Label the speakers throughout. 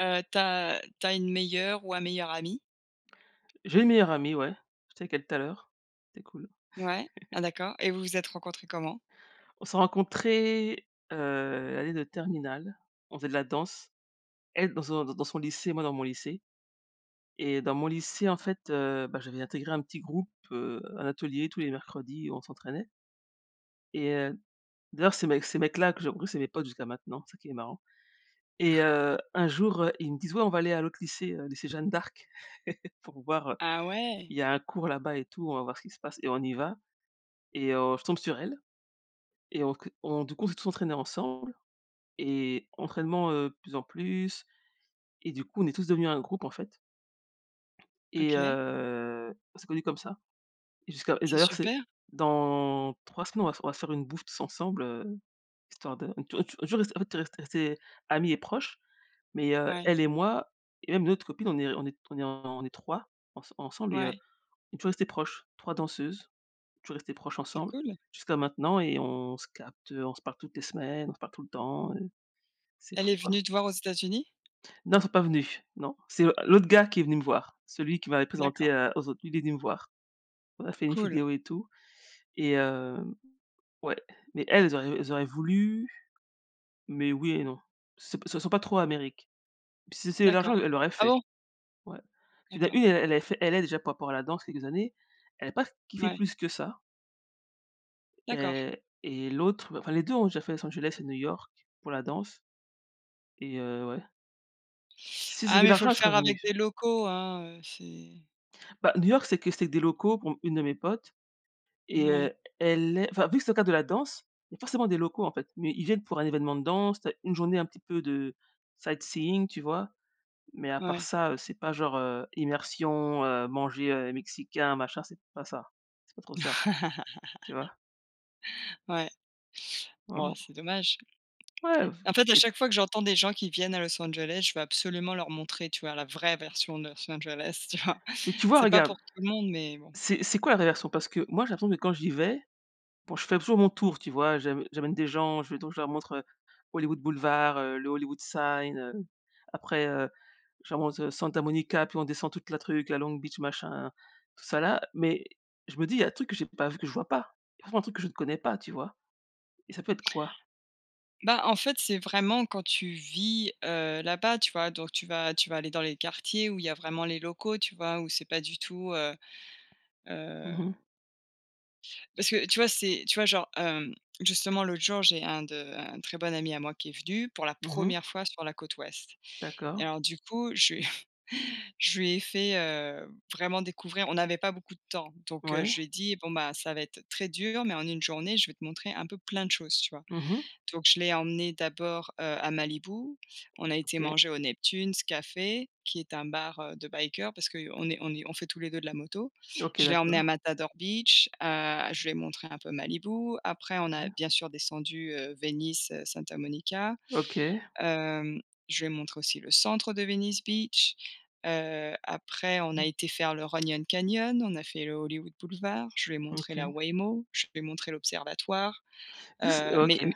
Speaker 1: Heu, tu as tu as une meilleure ou un meilleur ami?
Speaker 2: J'ai une meilleure amie, ouais. J'étais avec elle tout à l'heure, c'est cool.
Speaker 1: Ouais. Ah d'accord et vous vous êtes rencontrées comment?
Speaker 2: On s'est rencontrées, heu, l'année de terminale. On faisait de la danse. Elle dans son d dans son lycée moi dans mon lycée. Et dans mon lycée, en fait, heu bah, j'avais intégré un petit groupe, heu, à l'atelier tous les mercredis, où on s'entraînait. Et heu d'ailleurs ces mecs ces mecs là que j'ai rencontré c'est mes potes jusqu'à maintenant, c'est ça qui est marrant. Et heu, un jour, heu, ils me disent, ouais, on va aller à l'autre lycée, heu, lycée Jeanne d'Arc pour voir, heu
Speaker 1: Ah ouais.
Speaker 2: il y a un cours là-bas et tout on va voir ce qui se passe et on y va. Et heu, je tombe sur elle. Et on que on du coup, on s'est tous entraînés ensemble et entraînement, heu, de plus en plus. Et du coup, on est tous devenus un groupe, en fait. Et
Speaker 1: OK.
Speaker 2: heu, on s'est connus comme ça. Jusqu'à et
Speaker 1: C'est
Speaker 2: d'ailleurs c'est
Speaker 1: super.
Speaker 2: dans 3 semaines on va se f on va se faire une bouffe tous ensemble, heu, histoire de [unintelligible] on est toujours restés en fait, rest rest restés amis et proches. Mais heu,
Speaker 1: Ouais.
Speaker 2: elle et moi et même une autre copine on est r on est on est en on est trois ens ensemble et heu,
Speaker 1: Ouais.
Speaker 2: on est toujours restées proches, 3 danseuses, toujours restées proches
Speaker 1: C'est
Speaker 2: ensemble.
Speaker 1: cool.
Speaker 2: Jusqu'à maintenant et on se capte, heu, on se parle toutes les semaines, on se parle tout le temps heu. C'est
Speaker 1: Elle est
Speaker 2: fou quoi.
Speaker 1: venue te voir aux États-Unis?
Speaker 2: Non, elles sont pas venus, non. C'est l'autre gars qui est venu me voir, celui qui m'avait présentée,
Speaker 1: D'accord.
Speaker 2: heu, aux autres, il est venu me voir. On a fait une
Speaker 1: Cool.
Speaker 2: vidéo et tout. Et hem, ouais. Mais elles elles auraient elles auraient voulu, mais oui et non, ce p ce sont pas trop Amérique, puis si c'est l'argent
Speaker 1: D'accord.
Speaker 2: e elle l'aurait
Speaker 1: Ah
Speaker 2: fait.
Speaker 1: bon?
Speaker 2: Ouais. Il y en a
Speaker 1: D'accord.
Speaker 2: une elle elle avait fait, elle a déjà par rapport à la danse quelques années, elle a pas f kiffé
Speaker 1: Ouais.
Speaker 2: plus que ça.
Speaker 1: D'accord.
Speaker 2: Heu et l'autre, bah enfin les 2, ont déjà fait Los Angeles et New York pour la danse. Et heu, ouais. Si c'est
Speaker 1: Ah
Speaker 2: de
Speaker 1: mais il faut
Speaker 2: l'argent,
Speaker 1: le
Speaker 2: elle serait
Speaker 1: faire
Speaker 2: venue.
Speaker 1: avec des locaux, hein, heu, c'est
Speaker 2: Bah, New York, c'est que c'est des locaux pour une de mes potes et
Speaker 1: Ouais.
Speaker 2: heu, elle est enfin, vu que c'est dans le cadre de la danse, il y a forcément des locaux, en fait mais ils viennent pour un évènement de danse. Tu as une journée un petit peu de sightseeing, tu vois? Mais à part
Speaker 1: Ouais.
Speaker 2: ça, heu, c'est pas genre, heu, immersion, heu, manger, heu, mexicain, machin, c'est pas ça. C'est pas trop ça. Tu vois?
Speaker 1: Ouais.
Speaker 2: Ouais,
Speaker 1: Bah,
Speaker 2: ou
Speaker 1: c'est dommage.
Speaker 2: Ouais v
Speaker 1: En fait, à
Speaker 2: et
Speaker 1: chaque fois que j'entends des gens qui viennent à Los Angeles, je veux absolument leur montrer, tu vois, la vraie version de Los Angeles, tu vois?
Speaker 2: Mais tu vois,
Speaker 1: C'est pas
Speaker 2: regarde.
Speaker 1: pour tout le monde mais bon.
Speaker 2: C'est c'est quoi la vrai version? Parce que moi, j'ai l'impression que quand j'y vais, bon je fais toujours mon tour, tu vois? J'amè j'amène des gens, je vais donc je leur montre, heu, Hollywood Boulevard, heu, le Hollywood Sign, heu, après, heu, je leur montre, heu, Santa Monica, puis on descend toute la truc, la Long Beach, machin, tout ça, là mais je me dis: «Il y a un truc que j'ai pas v que je vois pas, il y a forcément un truc que je ne connais pas», tu vois? Et ça peut être quoi?
Speaker 1: Bah, en fait, c'est vraiment quand tu vis, heu, là-bas, tu vois donc tu vas tu vas aller dans les quartiers où il y a vraiment les locaux, tu vois, où c'est pas du tout, heu,
Speaker 2: Mmh
Speaker 1: heu
Speaker 2: mh.
Speaker 1: Parce que, tu vois, c'est tu vois, genre, hem, justement, l'autre jour, j'ai un de un très bon ami à moi qui est venu pour la
Speaker 2: Mmh mh.
Speaker 1: 1re fois sur la côte ouest et
Speaker 2: D'accord.
Speaker 1: alors du coup je lui ai je lui ai fait, heu, vraiment, découvrir. On n'avait pas beaucoup de temps, donc
Speaker 2: Ouais.
Speaker 1: je lui ai dit: «Bon, bah, ça va être très dur mais en une journée je vais te montrer un peu plein de choses», tu vois?
Speaker 2: Mmh mh.
Speaker 1: Donc je l'ai emmené d'abord, heu, à Malibu, on a été
Speaker 2: OK.
Speaker 1: manger au Neptune's café qui est un bar, heu, de biker parce qu'on est on est on fait tous les 2 de la moto.
Speaker 2: OK,
Speaker 1: Je l'ai emmené à
Speaker 2: d'accord.
Speaker 1: Matador Beach, heu, je lui ai montré un peu Malibu, après, on a,
Speaker 2: OK.
Speaker 1: bien sûr, descendu, heu, Venice, heu, Santa Monica.
Speaker 2: OK.
Speaker 1: Hem, je lui ai montré aussi le centre de Venice Beach, heu, après on a
Speaker 2: Mmh.
Speaker 1: été faire le Runyon Canyon, on a fait le Hollywood Boulevard, je lui ai montré la
Speaker 2: OK.
Speaker 1: Waymo, je lui ai montré l'observatoire.
Speaker 2: Est-ce que s
Speaker 1: Heu, mais
Speaker 2: OK.
Speaker 1: mais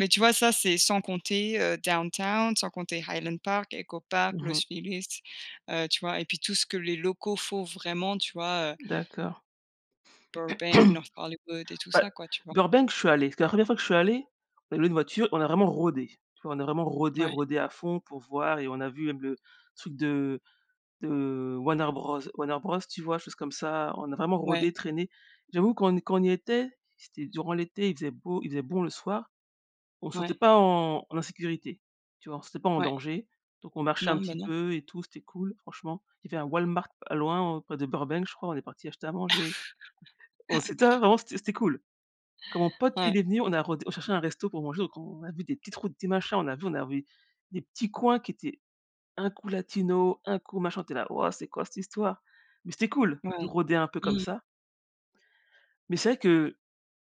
Speaker 1: mais tu vois, ça, c'est sans compter, heu, downtown, sans compter Highland Park, Ecopark,
Speaker 2: Mmh
Speaker 1: Los
Speaker 2: mh.
Speaker 1: Feliz, heu, tu vois, et puis tout ce que les locaux font vraiment, tu vois, heu
Speaker 2: D'accord.
Speaker 1: Burbank, North Hollywood et tout
Speaker 2: Bah
Speaker 1: ça, quoi, tu vois?
Speaker 2: Burbank, je suis allée, c'était la 1re fois que je suis allée, on a loué une voiture, on a vraiment rôdé. Tu vois, on a vraiment rôdé,
Speaker 1: Ouais.
Speaker 2: rôdé à fond, pour voir et on a vu le truc de de Warner Bros Warner Bros, tu vois, choses comme ça, on a vraiment rôdé,
Speaker 1: Ouais.
Speaker 2: traîné. J'avoue, quand on quand on y était, c'était durant l'été, il faisait beau, il faisait bon le soir, on se sentait
Speaker 1: Ouais.
Speaker 2: pas en en insécurité, tu vois? On se sentait pas en
Speaker 1: Ouais.
Speaker 2: danger, donc on marchait un
Speaker 1: Non, ben,
Speaker 2: petit
Speaker 1: non.
Speaker 2: peu et tout, c'était cool, franchement. Il y avait un Walmart pas loin, heu, près de Burbank, je crois, on est partis acheter à manger. On s'était avant, c'était c'était cool. Quand mon pote
Speaker 1: Ouais.
Speaker 2: il est venu, on a rôd on cherchait un resto pour manger, donc on a vu des petites routes, des machins, on a vu on a vu des petits coins qui étaient un coup latino, un coup machin, on était là: «Wouah! C'est quoi cette histoire?» mais c'était cool,
Speaker 1: Ouais,
Speaker 2: de
Speaker 1: ouais.
Speaker 2: rôder un peu
Speaker 1: Mmh
Speaker 2: comme
Speaker 1: mh.
Speaker 2: ça. Mais c'est vrai que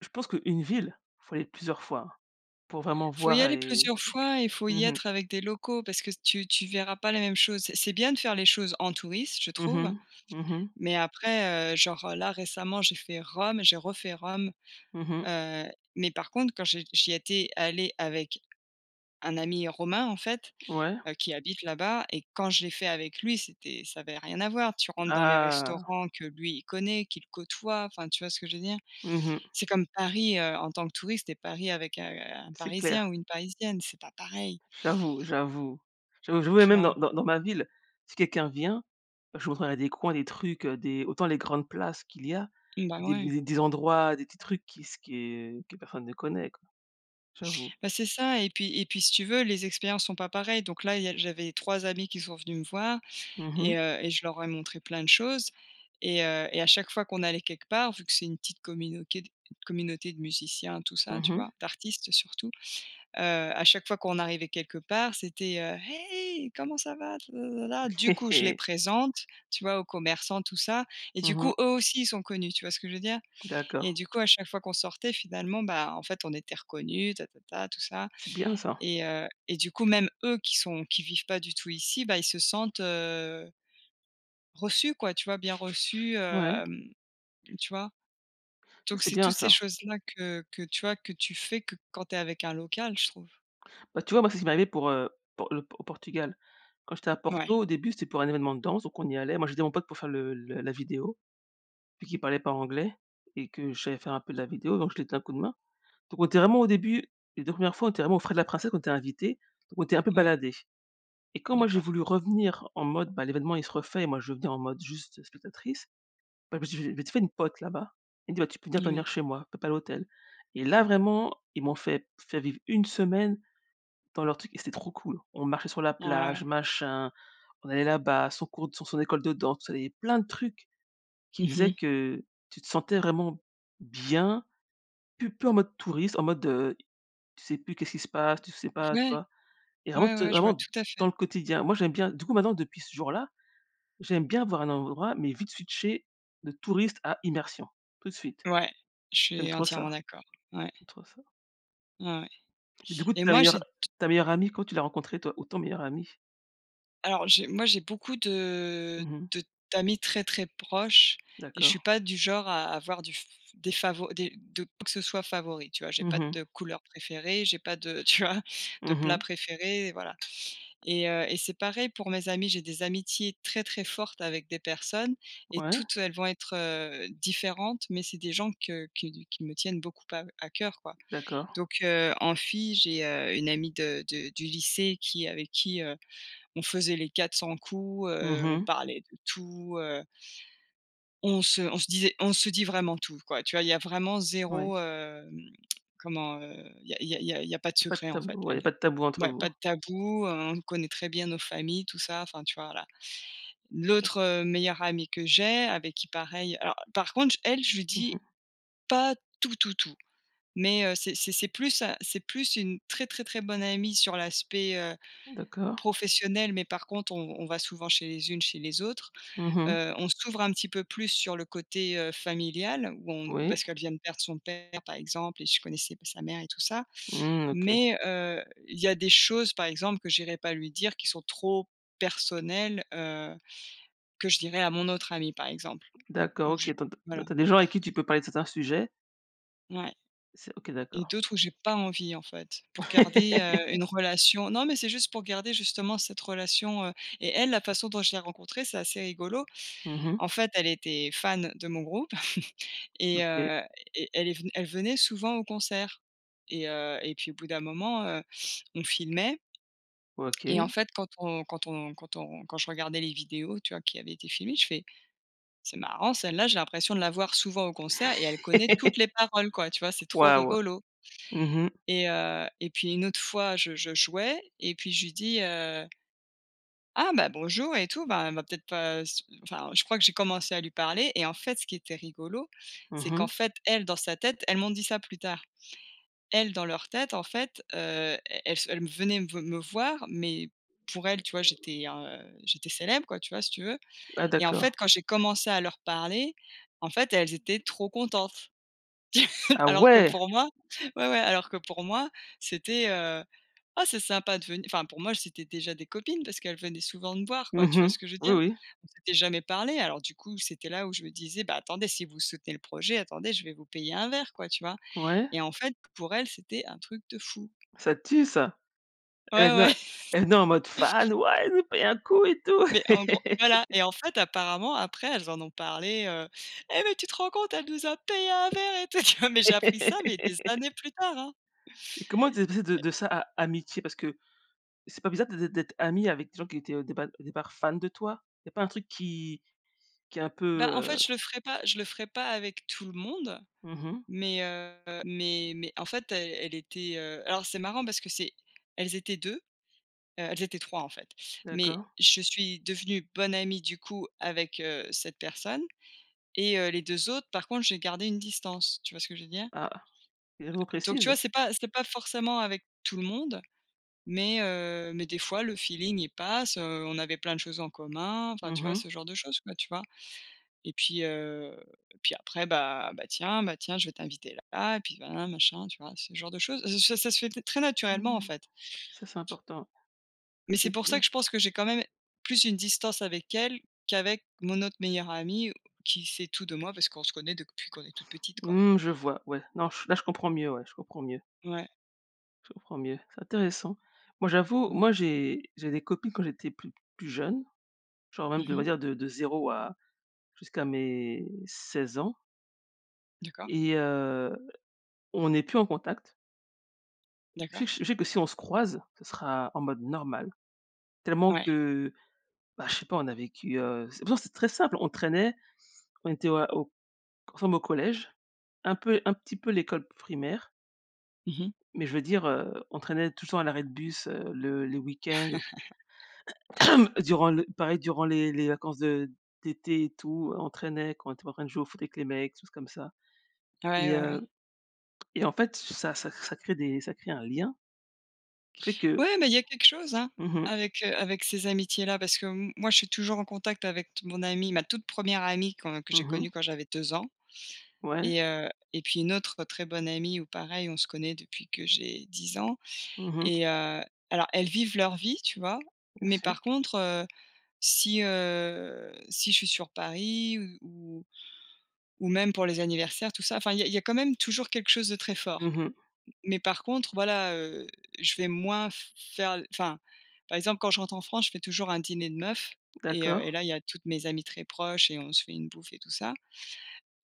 Speaker 2: je pense qu'une ville, faut aller plusieurs fois pour vraiment
Speaker 1: Faut y
Speaker 2: voir
Speaker 1: aller
Speaker 2: et
Speaker 1: plusieurs fois et faut y
Speaker 2: mmh mh.
Speaker 1: être avec des locaux, parce que tu tu verras pas les mêmes choses. C'est c'est bien de faire les choses en touriste, je
Speaker 2: Mmh
Speaker 1: trouve
Speaker 2: mh. Mmh mh.
Speaker 1: mais après, heu, genre, heu, là, récemment, j'ai fait Rome, j'ai refait Rome,
Speaker 2: Mmh mh.
Speaker 1: heu, mais par contre, quand je j'y étais allée avec un ami romain, en fait,
Speaker 2: Ouais.
Speaker 1: heu, qui habite là-bas et quand je l'ai fait avec lui, c'était ça avait rien à voir. Tu rentres dans les
Speaker 2: Ah!
Speaker 1: restaurants que lui, il connaît, qu'il côtoie, enfin, tu vois ce que je veux dire?
Speaker 2: Mmh mh.
Speaker 1: C'est comme Paris, heu, en tant que touriste et Paris avec, heu, un
Speaker 2: C'est
Speaker 1: parisien
Speaker 2: clair.
Speaker 1: ou une Parisienne, c'est pas pareil.
Speaker 2: J'avoue, j'avoue. J'avoue, j'avoue et
Speaker 1: Tu
Speaker 2: même
Speaker 1: vois?
Speaker 2: dans dans dans ma ville, si quelqu'un vient, je lui montrerais des coins, des trucs, heu, des autant les grandes places qu'il y a
Speaker 1: Bah,
Speaker 2: et des
Speaker 1: ouais.
Speaker 2: mais des endroits, des petits trucs qui se que que personne ne connaît, quoi. J'avoue.
Speaker 1: Bah, c'est ça et puis et puis, si tu veux, les expériences sont pas pareilles. Donc là, il y a j'avais 3 amis qui sont venus me voir
Speaker 2: Mmh mh.
Speaker 1: et heu et je leur ai montrés plein de choses et heu, et à chaque fois qu'on allait quelque part, vu que c'est une petite communauté- communauté de musiciens, tout ça,
Speaker 2: Mmh
Speaker 1: tu
Speaker 2: mh.
Speaker 1: vois, d'artistes surtout, heu, à chaque fois qu'on arrivait quelque part, c'était, heu: «Hey, comment ça va? Lalala» du
Speaker 2: Hé
Speaker 1: coup je les
Speaker 2: hé!
Speaker 1: présente, tu vois, aux commerçants, tout ça et du
Speaker 2: Mmh mh.
Speaker 1: coup, eux aussi, ils sont connus, tu vois ce que je veux dire?
Speaker 2: D'accord.
Speaker 1: Et du coup, à chaque fois qu'on sortait finalement, ben, en fait, on était reconnus tatata, tout ça
Speaker 2: C'est bien, ça.
Speaker 1: et heu et du coup, même eux, qui sont qui vivent pas du tout ici, bah, ils se sentent, heu reçus, quoi, tu vois, bien reçus,
Speaker 2: Ouais.
Speaker 1: hem, tu vois?
Speaker 2: Ça,
Speaker 1: Donc,
Speaker 2: c'est
Speaker 1: c'est
Speaker 2: bien,
Speaker 1: toutes ces
Speaker 2: ça.
Speaker 1: choses-là que que, tu vois, que tu fais que quand tu es avec un local, je trouve.
Speaker 2: Bah, tu vois, moi, c'est qui m'est arrivé pour, heu, pour le pour au Portugal. Quand j'étais à
Speaker 1: Mouais.
Speaker 2: Porto, au début, c'était pour un évènement de danse donc on y allait. Moi, j'aidais mon pote pour faire le le la vidéo, vu qu'il parlait pas anglais et que j'allais faire un peu de la vidéo donc je lui ai donné un coup de main. Donc, on était vraiment au début, les 2 1res fois, on était vraiment aux frais de la princesse, qu'on était invités donc on était un peu
Speaker 1: Ouais.
Speaker 2: baladés et quand moi j'ai
Speaker 1: D'accord.
Speaker 2: voulu revenir en mode, bah, l'événement il se refait et moi je vais en mode juste spectatrice, bah, parce que je m'étais m'étais fais une pote, là-bas, elle me dit: «Bah tu peux venir
Speaker 1: Moui.
Speaker 2: dormir chez moi, paie pas l'hôtel» et là, vraiment, ils m'ont fait fait vivre une semaine dans leur truc et c'était trop cool. On marchait sur la
Speaker 1: Ouais.
Speaker 2: plage, machin, on allait là-bas, son cours sur son école de danse, tout ça et plein de trucs, qui
Speaker 1: Mmh
Speaker 2: faisaient
Speaker 1: mh.
Speaker 2: que tu te sentais vraiment bien, plus plus en mode touriste, en mode, heu, tu sais, plus qu'est-ce qu'il se passe, tu sais pas, tu
Speaker 1: Ouais.
Speaker 2: vois? Et vraiment
Speaker 1: Ouais,
Speaker 2: tu
Speaker 1: ouais, je vois
Speaker 2: vraiment,
Speaker 1: tout à
Speaker 2: dans
Speaker 1: fait.
Speaker 2: le quotidien, moi, j'aime bien du coup, maintenant, depuis ce jour-là, j'aime bien avoir un endroit mais vite switcher de touriste à immersion. Tout de suite.
Speaker 1: Ouais, je
Speaker 2: J'aime
Speaker 1: suis
Speaker 2: trop
Speaker 1: entièrement
Speaker 2: ça.
Speaker 1: d'accord. Ouais.
Speaker 2: J'aime trop ça.
Speaker 1: Ouais
Speaker 2: Du coup
Speaker 1: et
Speaker 2: ta
Speaker 1: moi
Speaker 2: meilleure
Speaker 1: j'ai
Speaker 2: ta meilleure amie comment tu l'as rencontrée toi ou ton meilleur ami?
Speaker 1: Alors j'ai moi j'ai beaucoup de,
Speaker 2: Mmh mh.
Speaker 1: de d'amis très, très proches et je suis
Speaker 2: D'accord.
Speaker 1: pas du genre à avoir du f f des favo des de quoi que ce soit favori, tu vois? J'ai
Speaker 2: Mmh
Speaker 1: pas
Speaker 2: mh.
Speaker 1: de couleur préférée, j'ai pas de tu vois? De
Speaker 2: Mmh
Speaker 1: plat
Speaker 2: mh.
Speaker 1: préféré et voilà. Et heu, et c'est pareil pour mes amis. J'ai des amitiés très, très fortes avec des personnes et
Speaker 2: Ouais.
Speaker 1: toutes elles vont être, heu, différentes. Mais c'est des gens que qui qui me tiennent beaucoup à à coeur, quoi.
Speaker 2: D'accord.
Speaker 1: Donc heu, en fille j'ai, heu, une amie de de du lycée qui avec qui, heu, on faisait les 400 coups.
Speaker 2: Mmh
Speaker 1: Heu, on
Speaker 2: mh.
Speaker 1: parlait de tout heu on se on se disait on se dit vraiment tout, quoi, tu vois? Il y a vraiment 0
Speaker 2: Ouais.
Speaker 1: hem, comment heu, il y a il y a il y a pas de
Speaker 2: Pas de
Speaker 1: secret, en fait.
Speaker 2: tabou, ouais. Il y a
Speaker 1: Elle
Speaker 2: pas de tabou entre
Speaker 1: ouais, pas
Speaker 2: vous?
Speaker 1: de tabou, hein. On connaît très bien nos familles, tout ça, enfin tu vois? Voilà. L'autre, heu, meilleure amie que j'ai, avec qui pareil alors, par contre j elle, je lui
Speaker 2: Mmh
Speaker 1: dis
Speaker 2: mh.
Speaker 1: pas, tout, tout, tout. Mais heu, c'est c'est c'est plus à c'est plus une très, très, très bonne amie sur l'aspect, heu,
Speaker 2: D'accord.
Speaker 1: professionnel. Mais par contre, on on va souvent chez les unes chez les autres.
Speaker 2: Mmh mh.
Speaker 1: Heu, on s'ouvre un petit peu plus sur le côté, heu, familial ou on
Speaker 2: Oui.
Speaker 1: parce qu'elle vient de perdre son père, par exemple et je connaissais pas sa mère et tout ça.
Speaker 2: Mmh. OK.
Speaker 1: Mais heu, il y a des choses, par exemple, que j'irais pas lui dire qui sont trop personnelles, heu, que je dirais à mon autre amie, par exemple.
Speaker 2: D'accord,
Speaker 1: Ou
Speaker 2: OK.
Speaker 1: je
Speaker 2: Tu en tu as
Speaker 1: voilà
Speaker 2: tu as des gens avec qui tu peux parler de certains sujets?
Speaker 1: Ouais
Speaker 2: C'est OK,
Speaker 1: et
Speaker 2: d'accord.
Speaker 1: d'autres où j'ai pas envie en fait pour garder, heu, une relation. Non mais c'est juste pour garder justement cette relation, heu, et elle, la façon dont je l'ai rencontrée, c'est assez rigolo.
Speaker 2: Mmh mh.
Speaker 1: En fait, elle était fan de mon groupe et
Speaker 2: OK.
Speaker 1: heu, et elle est ven elle venait souvent au concert et heu, et puis au bout d'un moment, heu, on filmait. Et en
Speaker 2: OK.
Speaker 1: fait quand on quand on quand on quand je regardais les vidéos, tu vois? Qui avait été filmées, je fais: «C'est marrant, celle là j'ai l'impression de la voir souvent au concert et elle connaît toutes les paroles quoi.», tu vois? C'est trop
Speaker 2: Waouh.
Speaker 1: rigolo
Speaker 2: Mhm mh.
Speaker 1: et heu, et puis une autre fois je je jouais et puis je lui dis: «Heu». «Ah bah, bonjour» et tout. Bah, elle va peut-être pas s enfin je crois que j'ai commencé à lui parler et en fait ce qui était rigolo,
Speaker 2: Mmh
Speaker 1: c'est qu'en
Speaker 2: mh.
Speaker 1: fait, elle dans sa tête elles m'ont dit ça plus tard. Elles dans leur tête en fait, heu, elles se elles m venaient me ve me voir, mais pour elles tu vois? J'étais un, heu, j'étais célèbre quoi, tu vois? Si tu veux
Speaker 2: Ah,
Speaker 1: et en
Speaker 2: d'accord.
Speaker 1: fait quand j'ai commencé à leur parler, en fait elles étaient trop contentes.
Speaker 2: Ah,
Speaker 1: Alors que
Speaker 2: ouais!
Speaker 1: pour moi ouais ouais, alors que pour moi c'était, heu: «Ah c'est sympa de ven» enfin pour moi c'était déjà des copines. Parce qu'elles venaient souvent me voir quoi,
Speaker 2: Mmh
Speaker 1: tu vois
Speaker 2: mh.
Speaker 1: ce que je veux
Speaker 2: Oui
Speaker 1: dire?
Speaker 2: oui.
Speaker 1: On s'était jamais parlé. Alors du coup c'était là où je me disais: «Bah, attendez, si vous soutenez le projet attendez, je vais vous payer un verre, quoi», tu vois?
Speaker 2: Ouais.
Speaker 1: Et en fait pour elles c'était un truc de fou.
Speaker 2: Ça tue, ça! Elles
Speaker 1: Ouais,
Speaker 2: venaient en
Speaker 1: ouais.
Speaker 2: elles venaient en mode fan: «Ouais, elle nous paye un coup, et tout!»
Speaker 1: Mais en gros voilà et en fait apparemment après elles en ont parlé. Heu: «Eh mais tu te rends compte elle nous a payé un verre et tout», tu vois? Mais j'ai appris ça, mais des années plus tard, hein
Speaker 2: Et comment tu es passé de
Speaker 1: et
Speaker 2: de ça à amitié? Parce que c'est pas bizarre d'ê d'ê d'être amie avec des gens qui étaient, heu, au départ au départ fans de toi? Il y a pas un truc qui qui est un peu,
Speaker 1: Bah, en fait
Speaker 2: heu
Speaker 1: je le ferai pas je le ferai pas avec tout le monde,
Speaker 2: Mmh mh.
Speaker 1: mais heu, mais mais en fait elle elle était, heu alors c'est marrant parce que c'est elles étaient 2, heu, elles étaient 3 en fait, mais
Speaker 2: D'accord.
Speaker 1: je suis devenue bonne amie du coup avec, heu, cette personne et heu, les 2 autres, par contre j'ai gardé une distance. Tu vois ce que je veux dire?
Speaker 2: Ah, une [unintelligible]
Speaker 1: Donc tu
Speaker 2: précise?
Speaker 1: vois? C'est pas c'est pas forcément avec tout le monde mais heu, mais des fois le feeling il passe. Heu, on avait plein de choses en commun, enfin tu
Speaker 2: Mmh
Speaker 1: vois?
Speaker 2: mh.
Speaker 1: Ce genre de chose quoi, tu vois? Et puis, heu, et puis après bah: «Bah, tiens bah, tiens je vais t'inviter là et puis voilà, machin», tu vois? Ce genre de chose ça ça se fait t très naturellement en
Speaker 2: Mmh.
Speaker 1: fait.
Speaker 2: Ça, c'est important. Ça,
Speaker 1: Mais c'est
Speaker 2: c'est
Speaker 1: pour ça
Speaker 2: cool.
Speaker 1: que je pense que j'ai quand même plus une distance avec elle qu'avec mon autre meilleure amie où qui sait tout de moi. Parce qu'on se connait depuis qu'on est toutes petites quoi.
Speaker 2: Mmh. Je vois, ouais. Non, ch là, je comprends mieux, ouais, je comprends mieux.
Speaker 1: Ouais.
Speaker 2: Je comprends mieux, c'est intéressant. Moi, j'avoue,
Speaker 1: Mmh.
Speaker 2: moi, j'ai j'ai des copines, quand j'étais pl plus jeune, genre même,
Speaker 1: Mmh
Speaker 2: je devrais
Speaker 1: mh.
Speaker 2: dire, de de 0 à jusqu'à mes 16 ans
Speaker 1: D'accord.
Speaker 2: et heu, on est plus en contact. Je sais
Speaker 1: D'accord.
Speaker 2: que je sais que, si on se croise, ce sera en mode normal, tellement
Speaker 1: Ouais.
Speaker 2: que, bah, je sais pas, on a vécu, heu, c'est pourtant, c'est très simple. On traînait, on était à au ensemble au collège, un peu un petit peu l'école primaire
Speaker 1: Mmh mh.
Speaker 2: mais je veux dire, heu, on traînait tous le temps à l'arrêt de bus, heu, le les week-ends, durant le pareil, durant les les vacances de d'été et tout, heu, on traînait, quoi. On était en train de jouer au foot avec les mecs, des choses comme ça.
Speaker 1: Ouais,
Speaker 2: Et
Speaker 1: ouais, ouais.
Speaker 2: heu et en fait, ça ça ça crée des ça crée un lien qui fait que
Speaker 1: Ouais mais il y a quelque chose, hein,
Speaker 2: Mmh mh.
Speaker 1: avec, heu, avec ces amitiés-là parce que m moi, je suis toujours en contact avec t mon amie, ma toute 1re amie quand que j'ai
Speaker 2: Mmh
Speaker 1: connue
Speaker 2: mh.
Speaker 1: quand j'avais 2 ans.
Speaker 2: Ouais.
Speaker 1: Et heu et puis une autre très bonne amie où, pareil, on se connaît depuis que j'ai 10 ans.
Speaker 2: Mmh mh.
Speaker 1: Et heu, alors, elles vivent leur vie, tu vois,
Speaker 2: Bien
Speaker 1: mais,
Speaker 2: sûr.
Speaker 1: par contre, heu, si, heu, si je suis sur Paris ou ou ou même pour les anniversaires, tout ça, enfin, il y a il y a quand même toujours quelque chose de très fort.
Speaker 2: Mmh mh.
Speaker 1: M mais, par contre, voilà, heu, je vais moins f faire, enfin, par exemple, quand je rentre en France, je fais toujours un dîner de meufs et heu
Speaker 2: D'accord.
Speaker 1: et là, il y a toutes mes amies très proches et on se fait une bouffe et tout ça.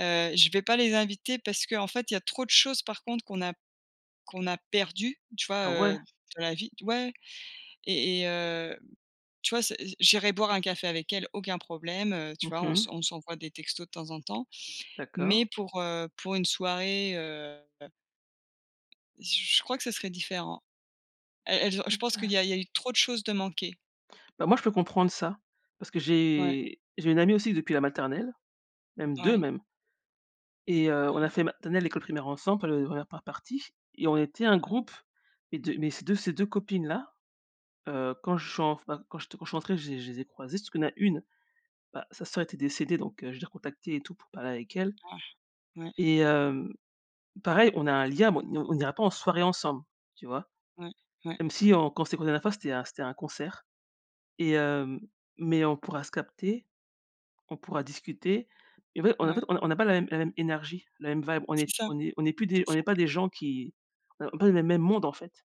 Speaker 1: Heu, je vais pas les inviter parce qu'en fait, il y a trop de choses, par contre, qu'on a qu'on a perdues, tu vois,
Speaker 2: Ah ouais?
Speaker 1: heu, d dans la vie ouais. Et et heu, tu vois, c j'irai boire un café avec elles, aucun problème. Heu, tu
Speaker 2: Mmh
Speaker 1: vois, on s'en
Speaker 2: mh.
Speaker 1: on s'envoie des textos de temps en temps,
Speaker 2: D'accord.
Speaker 1: mais pour, heu, pour une soirée, heu heu j je crois que ce serait différent. Elles elles ont je pense qu'il y a
Speaker 2: Intéress
Speaker 1: il y a eu trop de choses de manquées.
Speaker 2: Bah, moi, je peux comprendre ça parce que
Speaker 1: Ouais.
Speaker 2: j'ai j'ai une amie, aussi, depuis la maternelle, même 2,
Speaker 1: Ouais.
Speaker 2: même et heu,
Speaker 1: Mmh
Speaker 2: on a
Speaker 1: mh.
Speaker 2: fait maternelle et école primaire ensemble, enfin le la 1re par partie et on était un
Speaker 1: Mmh mh.
Speaker 2: groupe et de mais ces 2 ces 2 copines-là, heu, quand je suis enfin quand je te quand je suis entrée, j'ai je les ai croisées parce qu'il y en a 1, bah, sa sœur était décédée donc, heu, je l'ai recontactée et tout, pour parler avec elle
Speaker 1: Ah. Ouais.
Speaker 2: et hem, pareil, on a un lien. Bon, on n on n'ira pas en soirée ensemble, tu vois?
Speaker 1: Ouais, ouais.
Speaker 2: Même si on quand on s'est croisées la dernière fois, c'était à c'était à un concert et hem mais on pourra se capter. On pourra discuter et en fait et en fait et en
Speaker 1: Mouais.
Speaker 2: fait, on on n'a pas la même la même énergie, la même vibe. On
Speaker 1: C'est
Speaker 2: est
Speaker 1: ça.
Speaker 2: on est on est plus des
Speaker 1: C'est
Speaker 2: on
Speaker 1: ça.
Speaker 2: n'est pas des gens qui, heu, on est pas dans les mêmes mêmes mondes, en fait.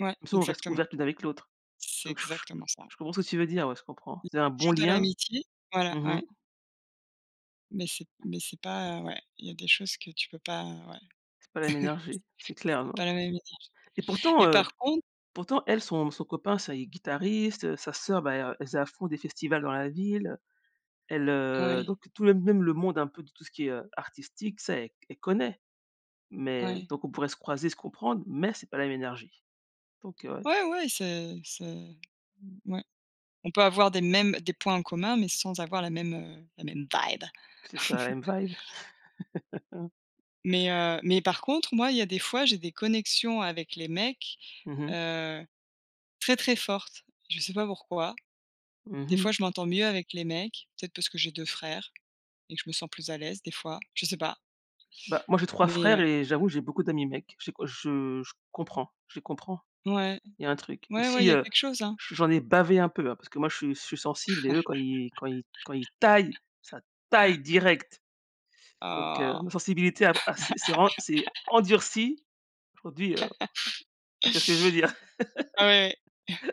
Speaker 1: Ouais.
Speaker 2: Même si on reste
Speaker 1: Exactement.
Speaker 2: ouvertes l'une avec l'autre.
Speaker 1: C'est
Speaker 2: Donc je je
Speaker 1: exactement ça.
Speaker 2: je comprends ce que tu veux dire. Ouais, je comprends. C'est un bon
Speaker 1: Toujours de
Speaker 2: lien.
Speaker 1: l'amitié. Voilà,
Speaker 2: Mmh mh.
Speaker 1: ouais. Mais c'est mais c'est pas, heu, ouais il y a des choses que tu peux pas, heu, ouais
Speaker 2: C'est pas la même énergie. C'est clair,
Speaker 1: c'est
Speaker 2: non
Speaker 1: pas la même éthique
Speaker 2: et
Speaker 1: et
Speaker 2: pourtant, heu,
Speaker 1: par con
Speaker 2: pourtant elle, son son copain, ça il est guitariste, heu, sa sœur, bah, elle r elle faisait à fond des festivals dans la ville, heu, elle, heu
Speaker 1: Oui.
Speaker 2: donc tout le même le monde, un peu de tout ce qui est artistique, ça, elle c elle connaît. Mais
Speaker 1: Ouais.
Speaker 2: donc on pourrait se croiser, se comprendre mais c'est pas la même énergie. Donc heu, ouais.
Speaker 1: Ouais, ouais, c'est c'est mmh, ouais. On peut avoir des mêmes des points en commun mais sans avoir la même, heu, la même vibe.
Speaker 2: C'est ça, la même vibe.
Speaker 1: Mais heu, mais par contre, moi, il y a des fois, j'ai des connexions avec les mecs,
Speaker 2: Mmh mh.
Speaker 1: heu, très, très fortes. Je sais pas pourquoi.
Speaker 2: Mmh
Speaker 1: Des fois,
Speaker 2: mh.
Speaker 1: je m'entends mieux avec les mecs. Peut-être parce que j'ai 2 frères et que je me sens plus à l'aise, des fois. Je sais pas.
Speaker 2: Ben, moi j'ai 3
Speaker 1: Mais
Speaker 2: frères
Speaker 1: heu
Speaker 2: et j'avoue, j'ai beaucoup d'amis mecs. J'ai quoi je je comprends, je les comprends.
Speaker 1: Ouais.
Speaker 2: Il y a un truc. Même
Speaker 1: Ouais, ouais il
Speaker 2: si,
Speaker 1: y a
Speaker 2: heu,
Speaker 1: quelque chose, hein!
Speaker 2: j j'en ai bavé un peu, hein, parce que moi, je suis je suis sensible et eux, quand ils quand ils quand ils taillent, ça taille direct. Donc heu, ma
Speaker 1: Oh!
Speaker 2: sensibilité a a s'est s'est vraiment, s'est endurcie, aujourd'hui, heu, tu vois ce que je veux dire?
Speaker 1: Ah oui, oui.